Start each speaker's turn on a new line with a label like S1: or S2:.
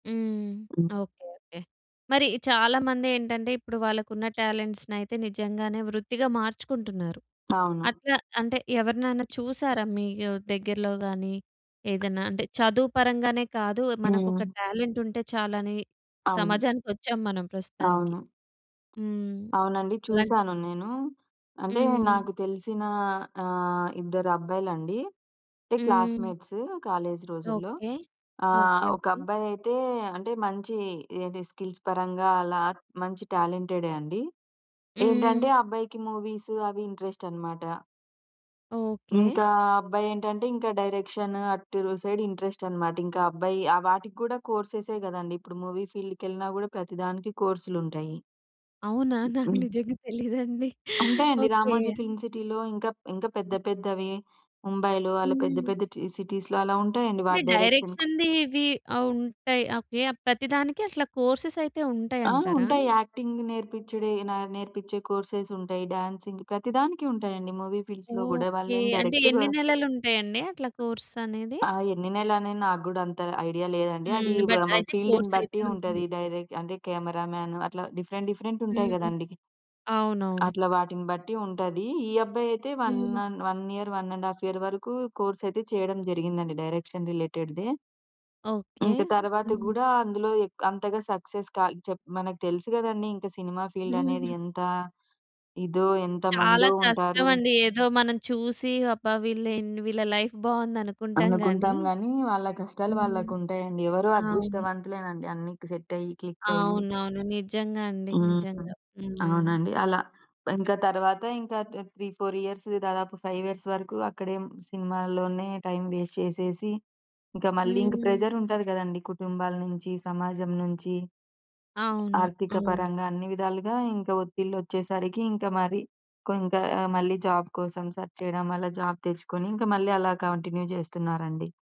S1: హ్మ్.
S2: హ్మ్.
S1: Okay. Okay. మరి చాలామందేంటంటే ఇప్పుడు వాళ్ళకు ఉన్న టాలెంట్స్‌నైతే నిజంగానే వృత్తిగా మార్చుకుంటున్నారు.
S2: అవును.
S1: అట్లా అంటే ఎవరినైనా చూసారా? మీకు దగ్గర్లో గాని ఏదన్నా అంటే చదువు పరంగానే కాదు. మనకొక
S2: హ్మ్.
S1: టాలెంట్ ఉంటే చాలని
S2: అవును.
S1: సమాజానికి వచ్చాం మనం ప్రస్తుతానికి.
S2: అవును.
S1: హ్మ్.
S2: అవునండి.
S1: అలాంటి
S2: చూసాను నేను. అంటే
S1: హ్మ్.
S2: నాకు తెలిసిన ఆహ్, ఇద్దరు అబ్బాయిలండి. అంటే
S1: హ్మ్.
S2: క్లాస్‌మేట్స్, కాలేజ్ రోజుల్లో.
S1: ఓకే.
S2: ఆహ్,
S1: ఓకే.
S2: ఒక
S1: ఓకే.
S2: అబ్బాయి అయితే అంటే మంచి అదే స్కిల్స్ పరంగా అలా మంచి టాలెంటెడే అండి. ఏంటంటే
S1: హ్మ్.
S2: ఆ అబ్బాయికి మూవీస్ అవి ఇంట్రెస్ట్ అనమాట.
S1: ఓకే.
S2: ఇంకా ఆ అబ్బాయి ఏంటంటే ఇంక డైరెక్షన్ అటు సైడ్ ఇంట్రెస్ట్ అనమాట. ఇంకా అబ్బాయి ఆ వాటికి కూడా కోర్సెసే గదండీ! ఇప్పుడు మూవీ ఫీల్డ్‌కెళ్ళినా కూడా ప్రతి దానికి కోర్సులు ఉంటాయి.
S1: అవునా! నాకు
S2: హ్మ్.
S1: నిజంగా తెలీదండి.
S2: ఉంటాయండి.
S1: ఓకే.
S2: రామోజీ ఫిల్మ్ సిటీలో ఇంకా ఇంకా పెద్ద పెద్దవి, ముంబైలో అలా పెద్ద
S1: హ్మ్.
S2: పెద్ద టి సిటీస్‌లో అలా ఉంటాయండి
S1: అంటే
S2: వాటి డైరెక్షన్.
S1: డైరెక్షన్‌ది ఇవి ఆహ్, ఉంటాయి. ఓకే. ప్రతి దానికి అట్లా కోర్సెస్ అయితే
S2: ఆ!
S1: ఉంటాయంటారా?
S2: ఉంటాయి. యాక్టింగ్ నేర్పిచ్చేడే, న నేర్పిచ్చే కోర్స్ ఉంటాయి. డ్యాన్సింగ్ ప్రతి దానికి ఉంటాయండి మూవీ ఫీల్డ్స్‌లో గూడా
S1: ఓకే.
S2: వాళ్ళేం
S1: అంటే
S2: డైరెక్ట్‌గా
S1: ఎన్ని నెలలు ఉంటాయండి అట్లా కోర్స్ అనేది?
S2: ఆ! ఎన్ని నెలలు అని నాకు గూడా అంత ఐడియా లేదండి. అది
S1: హ్మ్. బట్
S2: [unintelligible]
S1: అయితే
S2: ఫీల్డ్‌ని
S1: కోర్స్ అయితే
S2: బట్టి
S1: ఉంటుంది.
S2: ఉంటది డైరెక్ట్ అంటే కెమెరామన్ అట్లా డిఫరెంట్ డిఫరెంట్ ఉంటాయి
S1: హ్మ్.
S2: గదండీ!
S1: అవునవును.
S2: అట్లా వాటిని బట్టి ఉంటది. ఈ అబ్బాయి అయితే 1
S1: హ్మ్.
S2: అన్ 1 ఇయర్, 1½ ఇయర్ వరకు కోర్సెస్ అయితే చేయడం జరిగిందండి డైరెక్షన్ రిలేటెడ్‌దే.
S1: ఓకే.
S2: ఇంక తరువాత
S1: హ్మ్.
S2: గూడా అందులో ఎ అంతగా సక్సెస్ కా చెప్ మనకు తెలుసు గదండీ! ఇంకా సినిమా ఫీల్డ్ అనేది ఎంత ఇదో ఎంత
S1: చాలా
S2: మందో ఉంటారు.
S1: కష్టమండి. ఏదో మనం చూసి అబ్బా! వీళ్ళేం వీళ్ళ లైఫ్ బాగుందనుకుంటాం గాని
S2: అనుకుంటాం గానీ వాళ్ళ కష్టాలు
S1: హ్మ్.
S2: వాళ్ళకుంటాయండి. ఎవరో
S1: అవును.
S2: అదృష్టవంతులేనండి అన్ని సెట్ అయ్యి, క్లిక్ అయ్యి
S1: అవునవును. నిజంగా అండి.
S2: హ్మ్.
S1: నిజంగా. హ్మ్.
S2: అవునండి. అలా ఇంకా తర్వాత ఇంకా ఆహ్, 3, 4 ఇయర్స్ దాదాపు 5 ఇయర్స్ వరకు అక్కడే సినిమాల్లోనే టైమ్ వస్తే చేసేసి, ఇంకా మళ్ళీ ఇంకా
S1: హ్మ్.
S2: ప్రెషర్ ఉంటది గదండీ! కుటుంబాల నుంచి, సమాజం నుంచి
S1: అవును,
S2: ఆర్థిక
S1: అవును.
S2: పరంగా అన్ని విధాలుగా ఇంకా ఒత్తిళ్లు వచ్చేసరికి ఇంకా మరి కొ ఇంకా మళ్ళీ జాబ్ కోసం సెర్చ్ చేయడం వల్ల జాబ్ తెచ్చుకొని ఇంకా మళ్ళీ అలా కంటిన్యూ జేస్తున్నారండి.